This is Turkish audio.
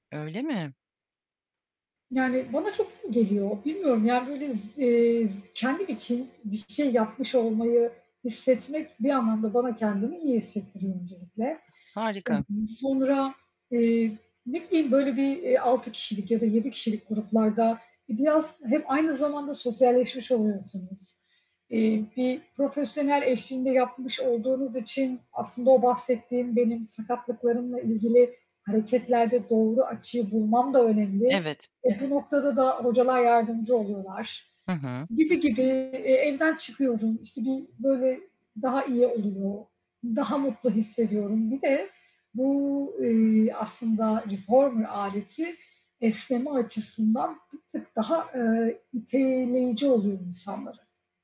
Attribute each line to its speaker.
Speaker 1: Öyle mi?
Speaker 2: Yani bana çok iyi geliyor. Bilmiyorum, yani böyle z eee, z kendim için bir şey yapmış olmayı hissetmek bir anlamda bana kendimi iyi hissettiriyor öncelikle.
Speaker 1: Harika.
Speaker 2: Emm, sonra, eee, ne bileyim, böyle bir, eee, 6 kişilik ya da 7 kişilik gruplarda biraz hem aynı zamanda sosyalleşmiş oluyorsunuz. Eee, bir profesyonel eşliğinde yapmış olduğunuz için aslında o bahsettiğim, benim sakatlıklarımla ilgili hareketlerde doğru açıyı bulmam da önemli.
Speaker 1: Evet.
Speaker 2: E, bu noktada da hocalar yardımcı oluyorlar,
Speaker 1: Hı hı.
Speaker 2: gibi gibi. E, evden çıkıyorum, işte, bir, böyle, daha iyi oluyor, daha mutlu hissediyorum. Bir de bu, eee, aslında reformer aleti esneme açısından bir tık daha, ııı, iteleyici oluyor insanlara.